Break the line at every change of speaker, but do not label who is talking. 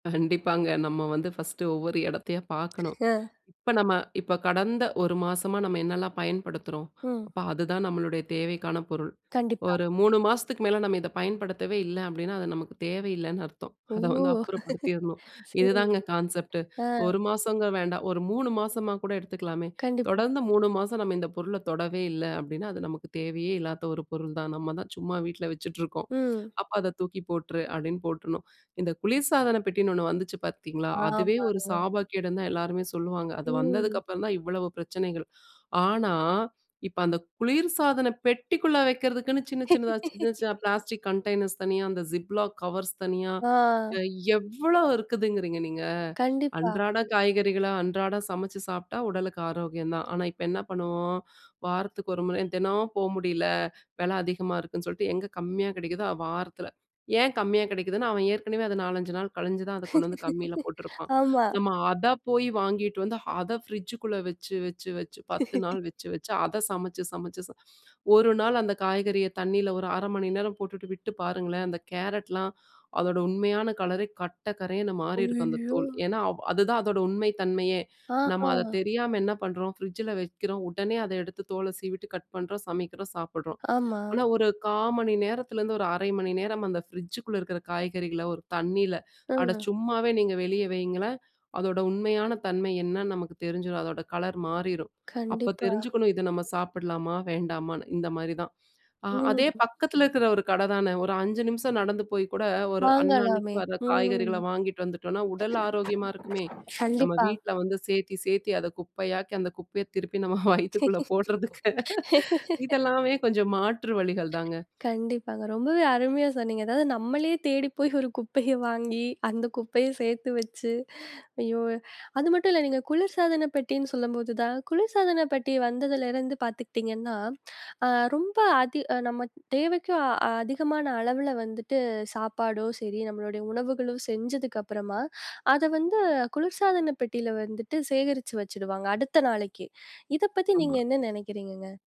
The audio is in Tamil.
கண்டிப்பாங்க, நம்ம வந்து ஃபர்ஸ்ட்டு ஒவ்வொரு எடத்தையா பார்க்கணும்,
அ.
இப்ப நம்ம இப்ப கடந்த 1 மாசமா நம்ம என்னலாம் பயன்படுத்துறோம்?
ம்.
அப்ப அதுதான் நம்மளுடைய தேவைக்கான பொருள்.
கண்டிப்பா.
ஒரு 3 மாசத்துக்கு மேல நம்ம இத பயன்படுத்தவே இல்ல அப்படின்னா, அது நமக்கு தேவை இல்லைன்னு அர்த்தம்.
ஓ!
அத வந்து அப்புறப்படுத்திரணும்.
சரி.
இதுதாங்க கான்செப்ட்டு!
அ.
1 மாசங்க வேண்டாம், ஒரு 3 மாசமா கூட எடுத்துக்கலாமே,
கண்டிப்பா.
தொடர்ந்து 3 மாசம் நம்ம இந்த பொருள தொடவே இல்ல அப்டின்னா, அது நமக்கு தேவையே இல்லாத ஒரு பொருள் தான். நம்ம தான் சும்மா வீட்ல வச்சுட்ருக்கோம்,
ம்.
"அப்ப அத தூக்கி போட்டுரு" அப்படின்னு போட்டுறனும். இந்த குளிர்சாதன பெட்டின்னு ஒண்ணு வந்துச்சு பாத்தீங்களா? அதுவே ஒரு
ஆமாங்க.
சாபக்கேடுன்னு தான் எல்லாருமே சொல்லுவாங்க. அது வந்ததுக்கு
ம்.
அப்புறம் தான் இவ்வளவு பிரச்சனைகள். ஆனா, இப்ப அந்த குளிர்சாதன பெட்டிக்குள்ள வைக்கிறதுக்குன்னு சின்ன சின்னதா, சின்ன சின்ன பிளாஸ்டிக் கண்டெய்னர்ஸ் தனியா, அந்த ஜிப்லாக் கவர்ஸ் தனியா,
அ.
எவ்வளோ இருக்குதுங்கிறீங்க நீங்க!
கண்டிப்பா.
அன்றாட காய்கறிகள, அன்றாடம் சமைச்சு சாப்பிட்டா, உடலுக்கு ஆரோக்கியம் தான். ஆனா இப்ப என்ன பண்ணுவோம்? வாரத்துக்கு 1 முறை தெனம் போ முடியலை. வெல அதிகமா இருக்குன்னு சொல்ட்டு, எங்க கம்மியா கிடைக்குதோ, வாரத்தில ஏன் கம்மியா கெடைக்குதுன்னா? அவன் ஏற்கனவே அதை 4, 5 நாள் கழிஞ்சு தான் அத கொண்டு வந்து கம்மில போட்டிருப்பான்.
ஆமா.
நம்ம அத போயி வாங்கிட்டு வந்து, அத ஃப்ரிட்ஜுக்குள்ள வச்சு வச்சு வச்சு. 10 நாள் வச்சு வச்சு, அத சமைச்சு சமைச்சு ச 1 நாள் அந்த காய்கறிய தண்ணில ஒரு 1/2 மணி நேரம் போட்டுட்டு விட்டு பாருங்களேன், அந்த கேரட்லாம் அதோட உண்மையான கலரே, கட்ட கரேன்னு மாறிருக்கும் அந்த
ஐயோ!
தோலு, ஏன்னா, அவ் அதுதான் அதோட உண்மை தன்மையே! நம்ம அத
ஆஹ!
தெரியாம என்ன பண்றோம், ஃப்ரிட்ஜில வைக்கிறோம். உடனே அத எடுத்து தோல சீவிட்டு, கட் பண்றோம், சமைக்கிறோம், சாப்பிடுறோம்.
ஆமா.
ஆனா ஒரு 1/4 மணி நேரத்திலேருந்து ஒரு 1/2 மணி நேரம் அந்த ஃப்ரிட்ஜுக்குள்ள இருக்கிற காய்கறிகள ஒரு தண்ணில அட
ம்.
சும்மாவே நீங்க வெளிய வையுங்களேன்! அதோட உண்மையான தன்மை என்னான்னு நமக்கு தெரிஞ்சிரும். அதோட கலர் மாறிரும். அப்ப
கண்டிப்பா.
தெரிஞ்சுக்கணும் இத நம்ம சாப்பிடலாமா? வேண்டாமான்னு? இந்த மாரி தான். அ அதே
ம்.
பக்கத்தில இருக்கிற ஒரு கட தானே. ஒரு 5 நிமிஷம் நடந்து போய் கூட, ஒரு அன்னன்னைக்கு
வாங்கலாமே!
வர
ம்.
காய்கறிகள வாங்கிட்டு வந்துட்டோம்ன்னா, உடல் ஆரோக்கியமா இருக்குமே! நம்ம
கண்டிப்பா.
வீட்ல வந்து சேத்தி சேத்தி அத குப்பையாக்கி, அந்த குப்பைய திருப்பி நம்ம வயித்துக்குள்ள போடறதுக்கு இதெல்லாமே கொஞ்சம் மாற்று வழிகள் தாங்க!
கண்டிப்பாங்க, ரொம்பவே அருமையா சொன்னீங்க! அதாவது நம்மளே தேடி போயி, ஒரு குப்பைய வாங்கி, அந்த குப்பைய சேத்து வச்சு, ஐயோ! அது மட்டும் இல்ல நீங்க குளிர்சாதன பெட்டின்னு சொல்லும்போது தான், குளிர்சாதன பெட்டி வந்ததிலிருந்து பாத்துக்கிட்டீங்கன்னா, அ ரொம்ப அதி அ நம்ம அ தேவைக்கும் அதிகமான அளவுல வந்துட்டு, சாப்பாடோ சரி, நம்மளுடைய உணவுகளும் செஞ்சதுக்கு அப்புறமா, அத வந்து குளிர்சாதன பெட்டில வந்துட்டு சேகரிச்சு வச்சுடுவாங்க, அடுத்த நாளைக்கு. இத பத்தி நீங்க
ஆமா.
என்ன நெனைக்கிறீங்கங்க?